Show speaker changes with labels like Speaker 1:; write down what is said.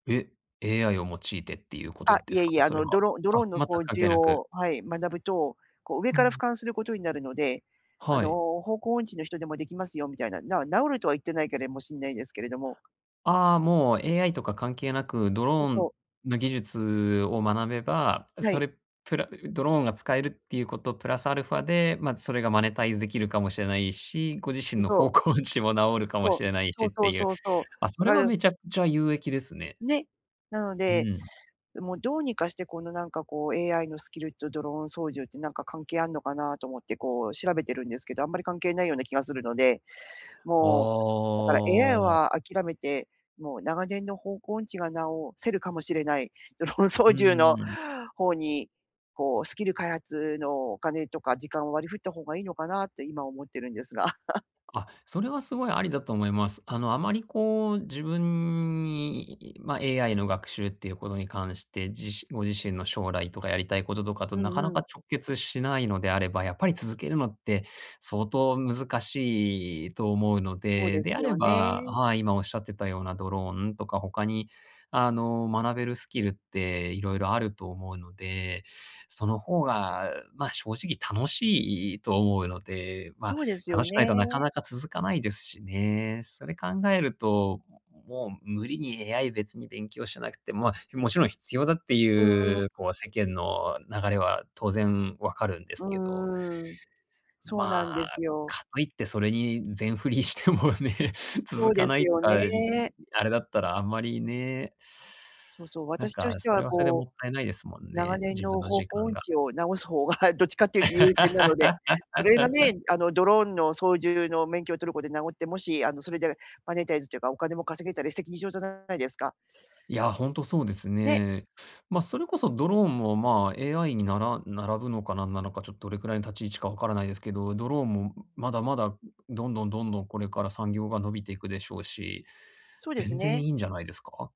Speaker 1: え、AI を用いてっていうこ
Speaker 2: あ、
Speaker 1: とで
Speaker 2: い
Speaker 1: す
Speaker 2: え
Speaker 1: か？
Speaker 2: いえ、あ
Speaker 1: それ
Speaker 2: の、
Speaker 1: は。
Speaker 2: ドロドロ
Speaker 1: あ、
Speaker 2: ーンの
Speaker 1: 全く
Speaker 2: 掃
Speaker 1: 関係
Speaker 2: 除
Speaker 1: なく。
Speaker 2: をはい、学ぶと、こう上
Speaker 1: う
Speaker 2: から俯
Speaker 1: ん。
Speaker 2: 瞰することになるので、あ
Speaker 1: は
Speaker 2: の、
Speaker 1: い。
Speaker 2: 方向音痴の人でもできますよみたいな、な直るとは言ってないけれもしんないですけれども。
Speaker 1: ああ、もう、AI とか関係なく、ド
Speaker 2: そう
Speaker 1: ロー
Speaker 2: そ
Speaker 1: ン
Speaker 2: う。
Speaker 1: の技術を学べば、
Speaker 2: は
Speaker 1: そ
Speaker 2: い。
Speaker 1: れ、プラうドローンが使えるっていうことプラスアルファで、まあ、それがマネタイズできるかもしれないし、ご自
Speaker 2: う
Speaker 1: 身
Speaker 2: ん、
Speaker 1: の
Speaker 2: そう。
Speaker 1: 方向音痴も直るかも
Speaker 2: そ
Speaker 1: し
Speaker 2: う。
Speaker 1: れない
Speaker 2: そ
Speaker 1: し
Speaker 2: う
Speaker 1: っ
Speaker 2: そ
Speaker 1: て
Speaker 2: う
Speaker 1: いう。
Speaker 2: そうそ
Speaker 1: ああ、
Speaker 2: う。
Speaker 1: そ
Speaker 2: だ
Speaker 1: れ
Speaker 2: か
Speaker 1: は
Speaker 2: る
Speaker 1: めちゃくちゃ有益ですね。
Speaker 2: ね。なの
Speaker 1: う
Speaker 2: で、
Speaker 1: ん。
Speaker 2: もうどうにかしてこの、なんかこう、AI のスキルとドローン操縦ってなんか関係あんのかなと思って、こう、調べてるんですけど、あんまり関係ないような気がするので。
Speaker 1: あ
Speaker 2: もう、だから AI
Speaker 1: あ。
Speaker 2: は諦めて、もう長年の方向音痴が直せるかもしれない、ドローン操
Speaker 1: うん
Speaker 2: 縦
Speaker 1: う
Speaker 2: の
Speaker 1: んうん。
Speaker 2: 方に、こうスキル開発のお金とか時間を割り振った方がいいのかなって今思ってるんですが。
Speaker 1: あ、それはすごいありだと思います。あの、あまりこう自分に、ま、AI の学習っていうことに関して、じご自身の将来とか、やりたい事とかと
Speaker 2: う
Speaker 1: な
Speaker 2: ん
Speaker 1: か
Speaker 2: う
Speaker 1: なか
Speaker 2: ん。
Speaker 1: 直結しないのであれば、やっぱり続けるのって、相当難しいと思うの
Speaker 2: そうで
Speaker 1: で、で
Speaker 2: す
Speaker 1: あれ
Speaker 2: よ
Speaker 1: ば
Speaker 2: ね。
Speaker 1: はい。今おっしゃってたようなドローンとか、他に、あの、学べるスキルって色々あると思うので、その方が、まあ、正直楽しいいと思うので。まあ、
Speaker 2: そうです
Speaker 1: 楽
Speaker 2: よ
Speaker 1: しくないとなか
Speaker 2: ね。
Speaker 1: なか続かないですしね。それ考えると、もう無理に AI 別に勉強しなくてま、もちろん必要だって
Speaker 2: うんうん。
Speaker 1: いう、こう世間
Speaker 2: う
Speaker 1: の流れは当然分かるんです
Speaker 2: う
Speaker 1: けど。
Speaker 2: ーん。そう
Speaker 1: ま
Speaker 2: なんで
Speaker 1: あ、
Speaker 2: すよ。
Speaker 1: かといってそれに全振りしてもね、
Speaker 2: そ
Speaker 1: 続
Speaker 2: う
Speaker 1: か
Speaker 2: で
Speaker 1: な
Speaker 2: す
Speaker 1: い
Speaker 2: よ
Speaker 1: あい、
Speaker 2: ね。
Speaker 1: あれだったらあんまりね。
Speaker 2: そうそう、
Speaker 1: なん
Speaker 2: 私と
Speaker 1: か、
Speaker 2: して
Speaker 1: そ
Speaker 2: は
Speaker 1: れはそれでも
Speaker 2: こう、
Speaker 1: ったいないですもん
Speaker 2: 長
Speaker 1: ね、
Speaker 2: 年
Speaker 1: 自分
Speaker 2: の
Speaker 1: の
Speaker 2: 方
Speaker 1: 時
Speaker 2: 向
Speaker 1: 間
Speaker 2: 音
Speaker 1: が。
Speaker 2: 痴を直す方が、どっちかっていうと優先なので、それがね、あの、ドローンの操縦の免許を取ることで直って、もしあの、それでマネタイズっていうかお金も稼げたら一石二鳥じゃないですか。
Speaker 1: いや、ほんとそうです
Speaker 2: ね。
Speaker 1: ね。ま、それこそドローンもまあ、AI に、なら並ぶのか何なのか、ちょっとどれくらいの立ち位置か分からないですけど、ドローンもまだまだ、どんどんどんどんこれから産業が伸びていくでしょうし、
Speaker 2: そうです
Speaker 1: 全然
Speaker 2: ね。
Speaker 1: いいんじゃないですか？